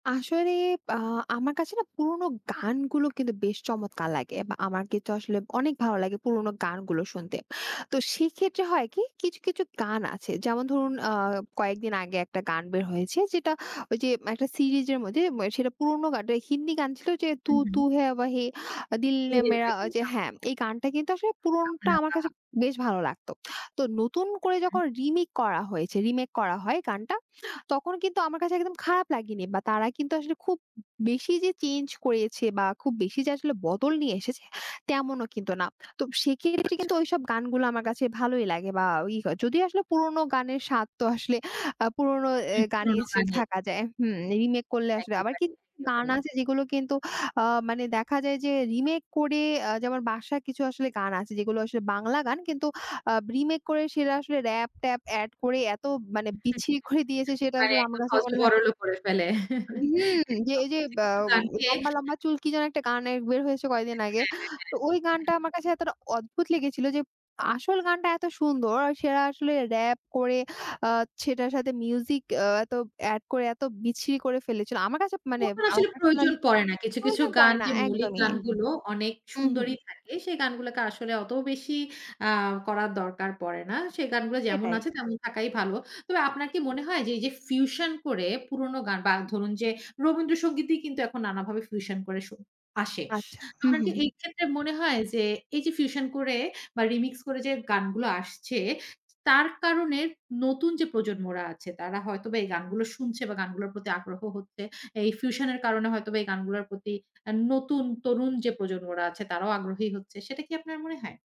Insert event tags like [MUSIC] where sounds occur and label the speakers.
Speaker 1: আসলে বা আমার কাছে না, পুরোনো গানগুলো কিন্তু বেশ চমৎকার লাগে, বা আমার কিন্তু আসলে অনেক ভালো লাগে পুরোনো গানগুলো শুনতে। তো সেক্ষেত্রে হয় কি কিছু, কিছু গান আছে যেমন ধরুন, আ কয়েকদিন আগে, একটা গান বের হয়েছে যেটা ওই যে একটা সিরিজের মধ্যে ম্যা সেটা পুরোনো গান টাই, হিন্দি গান ছিল, যে,
Speaker 2: হু,
Speaker 1: "তু তু
Speaker 2: হু।
Speaker 1: হ্যাঁ ওয়াহি দিল
Speaker 2: 'তু
Speaker 1: ইয়ে
Speaker 2: হ্যা
Speaker 1: মেরা,"
Speaker 2: ওয়াহি'
Speaker 1: যে
Speaker 2: হ্যাঁ।
Speaker 1: হ্যাঁ, এই গানটা কিন্তু আসলে পুরোনোটা
Speaker 2: সামিনা
Speaker 1: আমার কাছে
Speaker 2: তাহা
Speaker 1: বেশ ভালো লাগতো। তো নতুন
Speaker 2: হু,
Speaker 1: করে
Speaker 2: হু।
Speaker 1: যখন রিমেক করা হয়েছে, রিমেক করা হয় গানটা, তখন কিন্তু আমার কাছে একদম খারাপ লাগেনি বা তারা কিন্তু আসলে খুব বেশি যে চেঞ্জ করেছে বা খুব বেশি যে আসলে বদল নিয়ে এসেছে, তেমনও কিন্তু না। তো সেক্ষেত্রে
Speaker 2: আচ্ছা।
Speaker 1: কিন্তু ওইসব গানগুলো আমার কাছে ভালোই লাগে বা ওই যদিও আসলে পুরোনো গানের স্বাদ তো আসলে আ পুরোনো এ
Speaker 2: উ
Speaker 1: গানে
Speaker 2: পুরোনো
Speaker 1: স্টিল
Speaker 2: গানে
Speaker 1: থাকা যায় হুম, রিমেক করলে আসলে আবার
Speaker 2: একেবারেই,
Speaker 1: কিছু গান
Speaker 2: একেবারেই।
Speaker 1: আছে, যেগুলো কিন্তু আ মানে দেখা যায়, যে রিমেক করে আ যেমন, বাদশার কিছু আসলে গান আছে, যেগুলো আসলে বাংলা গান, কিন্তু আ রিমেক করে সেটা আসলে রাপ-ট্যাপ এড করে এত মানে বিচ্ছিরি করে দিয়েছে,
Speaker 2: [CHUCKLES]
Speaker 1: সেটা
Speaker 2: মানে
Speaker 1: আসলে আমার
Speaker 2: একদম
Speaker 1: কাছে মনে হয় যে
Speaker 2: হযবরল করে ফেলে।
Speaker 1: হুম,
Speaker 2: [CHUCKLES]
Speaker 1: যে
Speaker 2: একদম
Speaker 1: এই যে,
Speaker 2: কিছু,
Speaker 1: ব্যা
Speaker 2: কিছু
Speaker 1: উ
Speaker 2: গানকে
Speaker 1: "লম্বা,
Speaker 2: [CHUCKLES]
Speaker 1: লম্বা চুল" কি যেন একটা গান এর বের হয়েছে কয়েকদিন আগে।
Speaker 2: হ্যাঁ, হ্যাঁ।
Speaker 1: তো ওই
Speaker 2: হ্যাঁ,
Speaker 1: গানটা
Speaker 2: একদম।
Speaker 1: আমার কাছে এতটা অদ্ভুত লেগেছিল, যে আসল গানটা এত সুন্দর, আর সেরা আসলে রাপ করে, আ সেটার সাথে মিউজিক এ এত এড করে এত বিচ্ছিরি করে ফেলেছিল। আমার কাছে মানে
Speaker 2: পুরাপুরি
Speaker 1: আমার
Speaker 2: আসলে প্রয়োজন
Speaker 1: পার্সোনালি
Speaker 2: পড়ে না, কিছু, কিছু
Speaker 1: প্রয়োজন পড়ে
Speaker 2: গান
Speaker 1: না
Speaker 2: যে মৌলিক
Speaker 1: একদমই।
Speaker 2: গানগুলো অনেক
Speaker 1: হু, হু।
Speaker 2: সুন্দরই থাকে, সেই গানগুলোকে আসলে অত বেশি আ করার দরকার পড়ে না। সেই গানগুলো যেমন
Speaker 1: সেটাই।
Speaker 2: আছে, তেমন থাকাই ভালো। তবে আপনার কি মনে হয়, যে এই যে ফিউশন করে পুরোনো গান বা ধরুন যে, রবীন্দ্রসঙ্গীতই কিন্তু এখন নানাভাবে ফিউশন করে স আসে।
Speaker 1: আচ্ছা। হু,
Speaker 2: আপনার
Speaker 1: হু,
Speaker 2: কি
Speaker 1: হু।
Speaker 2: এই ক্ষেত্রে মনে হয় যে, এই যে ফিউশন করে বা রিমিক্স করে যে গানগুলো আসছে, তার কারণে নতুন যে প্রজন্মরা আছে, তারা হয়তোবা এই গানগুলো শুনছে বা গানগুলোর প্রতি আগ্রহ হচ্ছে। এই ফিউশনের কারণে হয়তোবা এই গানগুলোর প্রতি আ নতুন তরুণ যে প্রজন্মরা আছে, তারাও আগ্রহী হচ্ছে। সেটা কি আপনার মনে হয়?